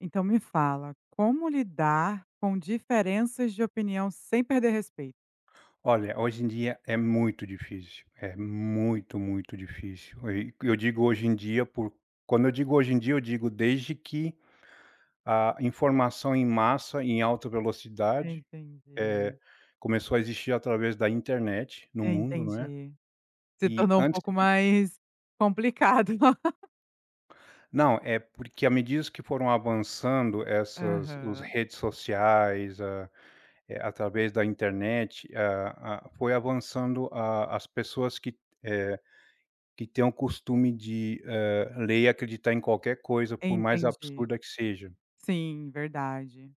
Então me fala, como lidar com diferenças de opinião sem perder respeito? Olha, hoje em dia, é muito difícil. É muito, muito difícil. Eh, e eu digo "hoje em dia" por quando eu digo "hoje em dia", eu digo desde que a informação em massa, em alta velocidade, Entendi. eh, começou a existir através da internet no mundo, não é? Entendi. Se E tornou um antes pouco de mais complicado. Não, é porque à medida que foram avançando essas os Aham. redes sociais, a, eh, através da internet, a a foi avançando a as pessoas que, eh, que que têm o costume de, eh, ler e acreditar em qualquer coisa, por mais Entendi. absurda que seja. Sim, verdade.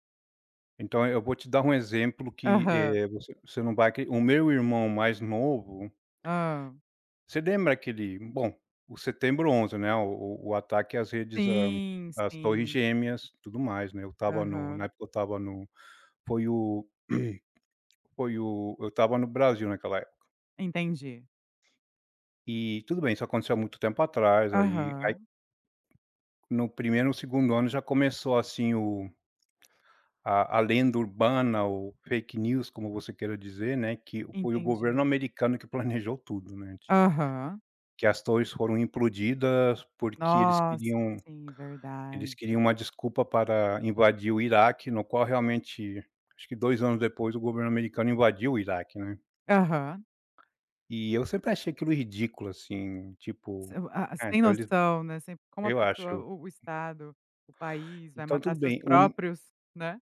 Então eu vou te dar um exemplo que, Aham. eh, você você não vai acre o meu irmão mais novo Hã. Você lembra aquele, bom, o setembro 11, né? O o o ataque às redes Sim, às torres sim, sim. gêmeas, tudo mais, né? Eu estava no na Aham. época, eu estava no foi o foi o eu estava no Brasil, naquela época. Entendi. E tudo bem. Isso aconteceu há muito tempo atrás, aí aí Aham. no primeiro e no segundo ano já começou assim o a a lenda urbana, o fake news como você queira dizer, né, que foi o governo Entendi. americano que planejou tudo, né ti Aham. Que as torres foram implodidas, porque eles Nossa, queriam sim, eles verdade. queriam uma desculpa para invadir o Iraque, no qual, realmente, acho que 2 anos depois o governo americano invadiu o Iraque, né? Aham. E eu sempre achei aquilo ridículo, assim, tipo, O a a Sem ah, tem então eles noção, né, como a eu pessoa acho. o o estado, o país vai Então matar tudo seus bem um próprios né?